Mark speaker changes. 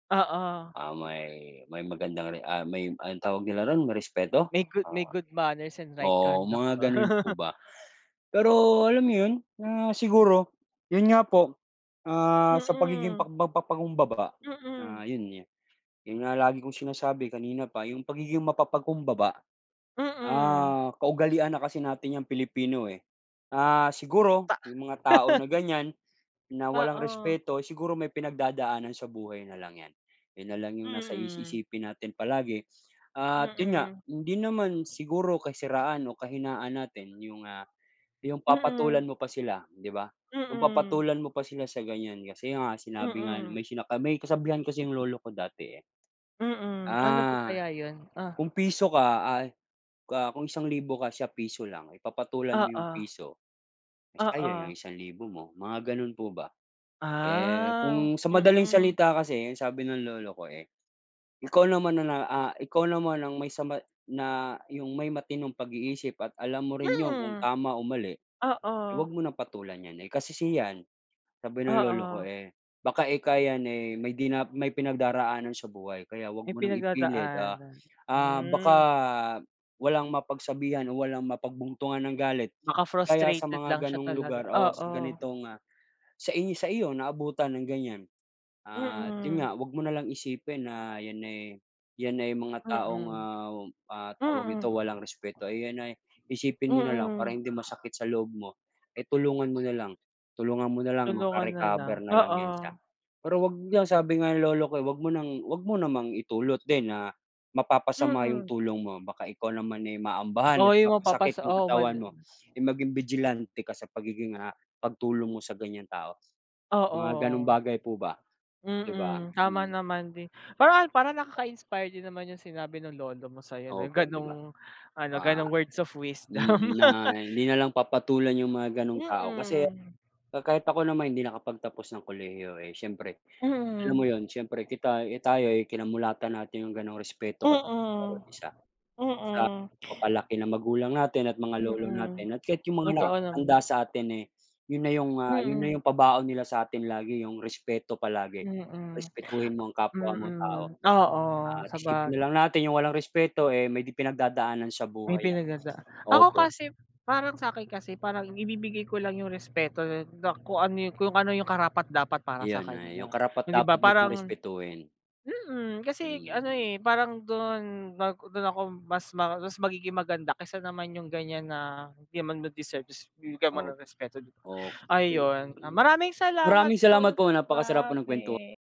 Speaker 1: Oo.
Speaker 2: Ah, may may magandang re ah, may anong tawag nila roon ma-respeto?
Speaker 1: May goo
Speaker 2: Oh,
Speaker 1: may good manners and right
Speaker 2: oo
Speaker 1: conduct
Speaker 2: mga
Speaker 1: pa.
Speaker 2: ganun po ba. Pero alam yun, ah, siguro, yun nga po, ah, sa pagiging pa
Speaker 1: Mm.
Speaker 2: mag-papagkumbaba
Speaker 1: Mm.
Speaker 2: na yun yun, yun nga lagi kong sinasabi kanina pa yung pagiging mapapag-kumbaba.
Speaker 1: Mm.
Speaker 2: Ah, kaugalian na kasi natin yang Pilipino eh. Ah, siguro,
Speaker 1: Pa
Speaker 2: may mga tao na ganyan, na walang
Speaker 1: Oo.
Speaker 2: respeto, siguro may pinagdadaanan sa buhay na lang yan. Yun nalang yung nasa is
Speaker 1: Mm.
Speaker 2: isipin natin palagi at yun nga,
Speaker 1: Mm.
Speaker 2: hindi naman siguro kasiraan o kahinaan natin yung, ah, yung
Speaker 1: Mm.
Speaker 2: papatulan mo pa sila di ba? Yung
Speaker 1: Mm.
Speaker 2: papatulan mo pa sila sa ganyan kasi nga sinabi nga
Speaker 1: Mm.
Speaker 2: may sina kami may kasabihan kasi yung lolo ko dati eh.
Speaker 1: Mm, ano po
Speaker 2: Ah,
Speaker 1: kaya yun? Ah.
Speaker 2: kung piso ka ay, ah, kung 1,000 ka siya piso lang, eh papatulan mo 'yong
Speaker 1: Oo.
Speaker 2: piso, sayang yung
Speaker 1: Oo.
Speaker 2: 1,000 mo mga ganun po ba. Eh,
Speaker 1: Ah,
Speaker 2: kung sa madaling
Speaker 1: mm.
Speaker 2: salita kasi, ang sabi ng lolo ko eh, ikaw naman na na, ah, ikaw naman ang may sama na yung may matinong pag-iisip at alam mo rin 'yong kung
Speaker 1: Mm,
Speaker 2: tama o mali,
Speaker 1: oo.
Speaker 2: eh, wag mo ng patulan niyan eh, kasi si yan sabi ng lolo ko
Speaker 1: Oo.
Speaker 2: eh, baka ika yan eh, may dina may pinagdaraanan sa buhay kaya wag
Speaker 1: May
Speaker 2: mo ng ipilit, ah
Speaker 1: pinag-dadaanan,
Speaker 2: ah, baka
Speaker 1: hmm.
Speaker 2: walang mapag-sabihan o walang mapag-buntungan ng galit
Speaker 1: Baka
Speaker 2: kaya sa
Speaker 1: frustrated
Speaker 2: mga
Speaker 1: lang siya
Speaker 2: ganong
Speaker 1: talaga,
Speaker 2: lugar o sa
Speaker 1: oo.
Speaker 2: ganitong, ah, sa i sa iyo naabutan ng ganyan. At yun
Speaker 1: Mm.
Speaker 2: nga, wag mo nalang isipin na yan eh, yan ay mga taong,
Speaker 1: Mm,
Speaker 2: ah, ah, tawag nito walang
Speaker 1: mm.
Speaker 2: respeto ay yan ay isipin mo na lang para
Speaker 1: Mm.
Speaker 2: hindi masakit sa loob mo, eh, tulungan mo na lang, tulungan mo nalang
Speaker 1: Tulungan na lang,
Speaker 2: maka-recover na lang
Speaker 1: oo.
Speaker 2: yan siya. Pero wag niya sabi nga ng lolo ko eh, huwag mo nang huwag mo namang idulot din na mapapasama yung
Speaker 1: Mm.
Speaker 2: tulong mo baka ikaw naman ay maambahan
Speaker 1: Oo
Speaker 2: at
Speaker 1: yung mapapas
Speaker 2: mapasakit yung
Speaker 1: oo mag
Speaker 2: katawan mo ay maging vigilante ka sa pagiging, ah, pagtulong mo sa ganyang tao. Mga ganong
Speaker 1: Oo.
Speaker 2: bagay po ba, di ba?
Speaker 1: Mm, tama
Speaker 2: Mm.
Speaker 1: naman din, parang parang nakaka-inspire din naman yung sinabi nung lolo mo sayo no yung
Speaker 2: Opo 'di ba,
Speaker 1: ganong ano,
Speaker 2: mga
Speaker 1: ganong words of
Speaker 2: i
Speaker 1: wisdom.
Speaker 2: na hindi nalang papatulan yung mga ganung tao kasi,
Speaker 1: Mm.
Speaker 2: ka kahit ako naman hindi nakapag-tapos ng kolehiyo eh, siyempre, alam
Speaker 1: Mm.
Speaker 2: mo yun, siyempre kita eh, tayo ay kinamulatan natin yung ganung
Speaker 1: Mm
Speaker 2: respeto ka sa bawat isa. Sa
Speaker 1: mm.
Speaker 2: pagpalaki ng magulang natin at mga lolo
Speaker 1: Mm,
Speaker 2: natin at kahit yung mga
Speaker 1: totoo naman.
Speaker 2: nakakatanda sa atin eh, yun na yung, ah, yun na
Speaker 1: Mm.
Speaker 2: yung pabaon nila sa atin lagi yung respeto palagi.
Speaker 1: Mm,
Speaker 2: Respetuhin mo ang kapwa mo tao,
Speaker 1: mm oo
Speaker 2: na
Speaker 1: saba
Speaker 2: isipin na lang natin yung walang respeto eh, may pinagdadaanan sa
Speaker 1: May
Speaker 2: buhay yan,
Speaker 1: pinagdada ako
Speaker 2: opo.
Speaker 1: kasi parang sakin kasi parang ibibigay ko lang yung respeto da kung ano yung kung ano yung karapat-dapat para sa
Speaker 2: Iyon ay, yung
Speaker 1: kanya hindi
Speaker 2: karapat-dapat
Speaker 1: ba
Speaker 2: mo siyang
Speaker 1: parang
Speaker 2: respetuhin.
Speaker 1: mm, kasi ano
Speaker 2: Mm.
Speaker 1: eh, parang dun pag dun ako mas ma mas magiging maganda kaysa naman yung ganyan na hindi naman nila deserve tapos bibigyan mo
Speaker 2: Oo
Speaker 1: ng respeto di ba
Speaker 2: okey
Speaker 1: ayun, ah,
Speaker 2: mm,
Speaker 1: maraming salamat
Speaker 2: maraming
Speaker 1: po
Speaker 2: salamat
Speaker 1: dun
Speaker 2: po
Speaker 1: sa
Speaker 2: napakasarap po ng
Speaker 1: bahagi.
Speaker 2: kwentu